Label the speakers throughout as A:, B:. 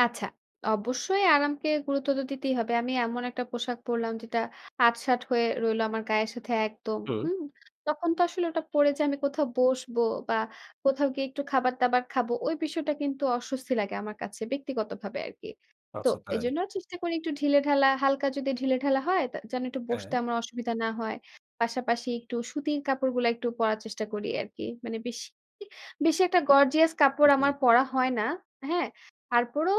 A: আচ্ছা, অবশ্যই আরামকে গুরুত্ব তো দিতেই হবে। আমি এমন একটা পোশাক পড়লাম, যেটা আট-ষাট হয়ে রইল, আমার গায়ের সাথে একদম
B: হুম।
A: হুম, তখন তো আসলে ওটা পড়ে যে আমি কোথাও বসব বা কোথাও গিয়ে একটু খাবার দাবার খাবো, ওই বিষয়টা কিন্তু অস্বস্তি লাগে আমার কাছে ব্যক্তিগতভাবে আরকি। তো
B: আচ্ছা, তাই?
A: এজন্য চেষ্টা করি একটু ঢিলেঢালা, হালকা যদি ঢিলেঢালা হয়, যেন একটু বসতে
B: হ্যাঁ।
A: আমার অসুবিধা না হয়। পাশাপাশি একটু সুতির কাপড়গুলো একটু পড়ার চেষ্টা করি আরকি। মানে বেশি, বেশি একটা গর্জিয়াস কাপড়
B: হুম।
A: আমার পরা হয় না, হ্যাঁ? তারপরও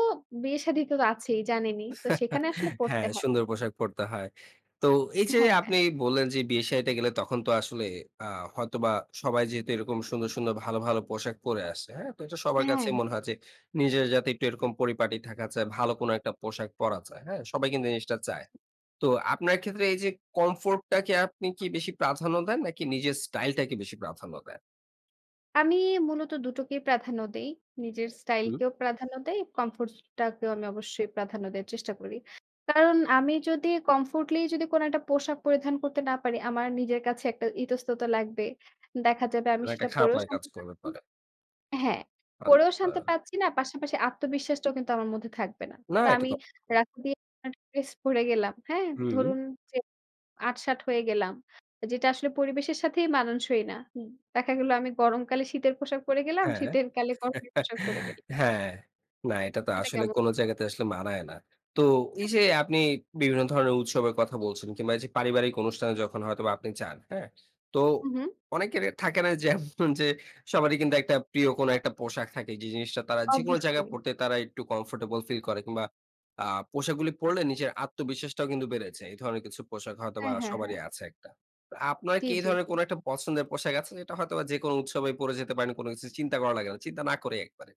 A: বিয়ে শাদি তো আছেই, জানেনই তো সেখানে আসলে পড়তে
B: হ্যাঁ,
A: হয়।
B: সুন্দর পোশাক পরতে হয়। তো এই যে
A: হ্যাঁ, হ্যাঁ।
B: আপনি বললেন যে, বিয়ে শাদিতে গেলে তখন তো আসলে আ হয়তোবা সবাই যেহেতু এরকম সুন্দর, সুন্দর ভালো, ভালো পোশাক পরে আসে হ্যাঁ? তো এটা সবার কাছে
A: হ্যাঁ।
B: মনে হয় যে, নিজের যাতে একটু এরকম পরিপাটি থাকা চাই, ভালো কোন একটা পোশাক পরা যায়, হ্যাঁ? সবাই কিন্তু এই জিনিসটা চায়। তো আপনার ক্ষেত্রে এই যে, কমফোর্টটাকে আপনি কি বেশি প্রাধান্য দেন, নাকি নিজের স্টাইলটাকে বেশি প্রাধান্য দেন?
A: আমি মূলত ২ টো কেই প্রাধান্য দেই। নিজের স্টাইল
B: হুম।
A: কেও প্রাধান্য দেই। কমফোর্ট টাকেও আমি অবশ্যই প্রাধান্য দেওয়ার চেষ্টা করি। কারণ আমি যদি কমফোর্টলি যদি কোন একটা পোশাক পরিধান করতে না পারি, আমার নিজের কাছে একটা ইতস্ততা লাগবে, দেখা যাবে, আমি
B: মানে একটা
A: সেটা
B: খারাপ
A: পরেও
B: লাগা কাজ
A: শান্তি
B: করবে
A: পাচ্ছি
B: পরে।
A: না হ্যাঁ, পরেও
B: আচ্ছা।
A: শান্তি পাচ্ছি না, পাশাপাশি আত্মবিশ্বাসটাও কিন্তু আমার মধ্যে থাকবে না।
B: না,
A: তো
B: এটা
A: আমি
B: তো।
A: রাত্রি তে একটা ড্রেস পড়ে গেলাম হ্যাঁ?
B: হুম।
A: ধরুন যে আট-ষাট হয়ে গেলাম। যেটা আসলে পরিবেশের সাথেই মানানসই না, হুম, দেখা গেল, আমি গরমকালে শীতের পোশাক পড়ে গেলাম,
B: হ্যাঁ,
A: শীতের কালে গরমের পোশাক পড়ে গেলাম।
B: হ্যাঁ, না, এটা তো
A: সেটা
B: আসলে
A: কেমন?
B: কোন জায়গাতে আসলে মানায় না। তো এই
A: হ্যাঁ,
B: যে,
A: তো।
B: আপনি বিভিন্ন ধরনের উৎসবের কথা বলছেন কিংবা যে পারিবারিক অনুষ্ঠানে যখন হয়তোবা আপনি যান, হ্যাঁ? তো
A: হুম, হুম।
B: অনেকের থাকে না যে, যে সবারই কিন্তু একটা প্রিয় কোন একটা পোশাক থাকে, যে জিনিসটা তারা যেকোনো জায়গায়
A: অবশ্যই।
B: পড়তে তারা একটু কমফোর্টেবল ফিল করে কিংবা আ পোশাকগুলো পড়লে নিজের আত্মবিশ্বাসটাও কিন্তু বেড়েছে, এই ধরনের কিছু পোশাক হয়তোবা
A: হ্যাঁ, হ্যাঁ, হ্যাঁ।
B: সবারই আছে একটা। তো আপনার
A: জি,
B: কি এই
A: জি,
B: ধরনের
A: জি।
B: কোন একটা পছন্দের পোশাক আছে, যেটা হয়তোবা যেকোনো উৎসবে পড়ে যেতে পারেন, কোন কিছু চিন্তা করা লাগে না, চিন্তা না করে একবারে।